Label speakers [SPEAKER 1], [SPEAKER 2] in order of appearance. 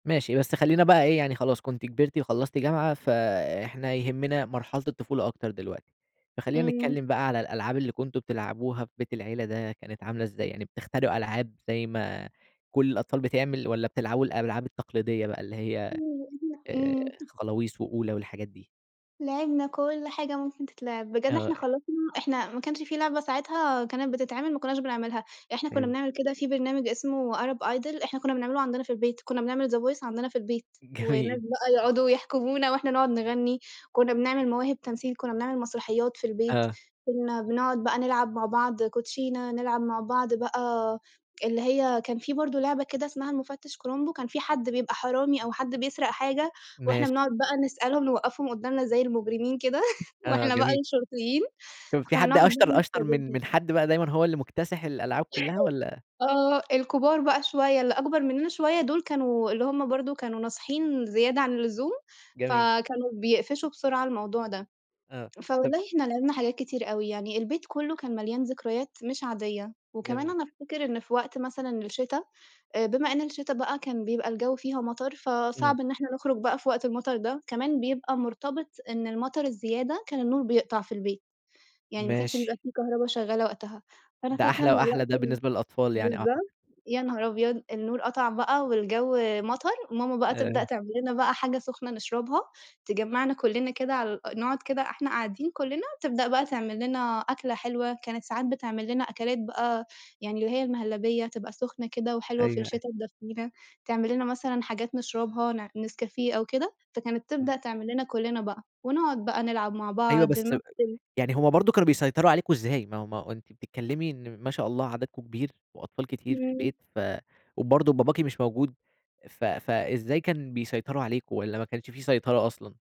[SPEAKER 1] ماشي بس خلّينا بقى إيه يعني خلاص كنتِ كبرتِ وخلّصتِ جامعة، فإحنا يهمنا مرحلة الطفولة أكتر دلوقتي، فخلّينا
[SPEAKER 2] إمم.
[SPEAKER 1] نتكلّم بقى على الألعاب اللي كنتم بتلعبوها في بيت العيلة ده كانت عاملة إزاي؟ يعني بتخترعوا ألعاب زي ما كلّ الأطفال بتعمل؟ والَّا بتلعبوا الألعاب التقليدية بقى اللي هي، آآ
[SPEAKER 2] إمم.
[SPEAKER 1] خلاويص وأولى والحاجات دي؟
[SPEAKER 2] لعِبنا كلّ حاجة ممكن تتلعب، بجد إحنا
[SPEAKER 1] آه.
[SPEAKER 2] خلّصنا إحنا ما كانش في لعبة ساعتها كانت بتتعِمل ما كُنَّاش بنعملها، إحنا كُنَّا
[SPEAKER 1] حلو.
[SPEAKER 2] بنعمل كده في برنامج اسمه Arab Idol إحنا كُنَّا بنعمله عندنا في البيت، كُنَّا بنعمل the voice عندنا في البيت، والناس
[SPEAKER 1] جميل.
[SPEAKER 2] بقى يُقعدوا يحكمونا وإحنا نقعد نغني، كُنَّا بنعمل مواهب تمثيل كُنَّا بنعمل مسرحيات في البيت،
[SPEAKER 1] آه.
[SPEAKER 2] كُنَّا بنقعد بقى نلعب مع بعض كوتشينا، نلعب مع بعض بقى اللي هي كان في برضه لعبة كده اسمها المُفتش كرومبو، كان في حد بيبقى حرامي أو حد بيسرق حاجة، وإحنا
[SPEAKER 1] ماشي.
[SPEAKER 2] بنقعد بقى نسألهم نوقّفهم قدّامنا زي المجرمين كده،
[SPEAKER 1] آه
[SPEAKER 2] وإحنا بقى
[SPEAKER 1] جميل.
[SPEAKER 2] الشرطيين،
[SPEAKER 1] كان في
[SPEAKER 2] فكُنا
[SPEAKER 1] حد أشطر أشطر من
[SPEAKER 2] [unintelligible]
[SPEAKER 1] من حد بقى دايمًا هو اللي مكتسح الألعاب كلّها والًّا؟
[SPEAKER 2] آه الكُبار بقى شوية اللي أكبر مننا شوية دُول، كانوا اللي هُم برضه كانوا ناصحين زيادة عن اللزوم،
[SPEAKER 1] جميل.
[SPEAKER 2] فكانوا بيقفشوا بسرعة الموضوع ده،
[SPEAKER 1] آه، طب
[SPEAKER 2] فوالله إحنا لعبنا حاجات كتير أوي، يعني البيت كلّه كان مليان ذكريات مش عادية، وكمان
[SPEAKER 1] جميل.
[SPEAKER 2] أنا أفتكر إن في وقت مثلًا الشتا، بما إن الشتا بقى كان بيبقى الجو فيها مطر
[SPEAKER 1] إمم.
[SPEAKER 2] فصعب إن إحنا نُخرُج بقى في وقت المطر ده، كمان بيبقى مرتبط إن المطر الزيادة كان النور بيقطع في البيت، يعني ما كانش
[SPEAKER 1] ماشي.
[SPEAKER 2] يبقى في كهربا شغالة وقتها، فأنا
[SPEAKER 1] ده
[SPEAKER 2] فاكرة إن
[SPEAKER 1] أحلى، وأحلى،
[SPEAKER 2] الوقت
[SPEAKER 1] ده
[SPEAKER 2] ب
[SPEAKER 1] بالنسبة للأطفال يعني أعتقد.
[SPEAKER 2] بالضبط، يا نهار أبيض! النور قطع بقى والجو مطر، ماما بقى تبدأ
[SPEAKER 1] آآ
[SPEAKER 2] تعمل لنا بقى حاجة سخنة نشربها، تجمّعنا كُلِّنا كده على نقعد كده إحنا قاعدين كُلِّنا، تبدأ بقى تعملِّنا أكلة حلوة، كانت ساعات بتعملِّنا أكلات بقى يعني اللي هي المهلبية تبقى سُخنة كده وحلوة في
[SPEAKER 1] أيوه، أ
[SPEAKER 2] الشتا تدفِّينا، تعمل لنا مثلًا حاجات نشربها نع نسكافيه أو كده، فكانت
[SPEAKER 1] إمم.
[SPEAKER 2] تبدأ تعمل لنا كُلِّنا بقى، ونقعد بقى نلعب مع
[SPEAKER 1] أيوه
[SPEAKER 2] بعض،
[SPEAKER 1] بس،
[SPEAKER 2] نمثّل.
[SPEAKER 1] يعني هُم برضه كانوا بيسيطروا عليكم إزاي؟ ما هو ما هو أنتِ بتتكلّمي إن ما شاء الله عددكم كبير، وأطفال كتير في
[SPEAKER 2] إمم.
[SPEAKER 1] البيت، ف وبرضه باباكِ مش موجود ف فإزاي كان بيسيطروا عليكم؟ والَّا ما كانش في سيطرة أصلًا؟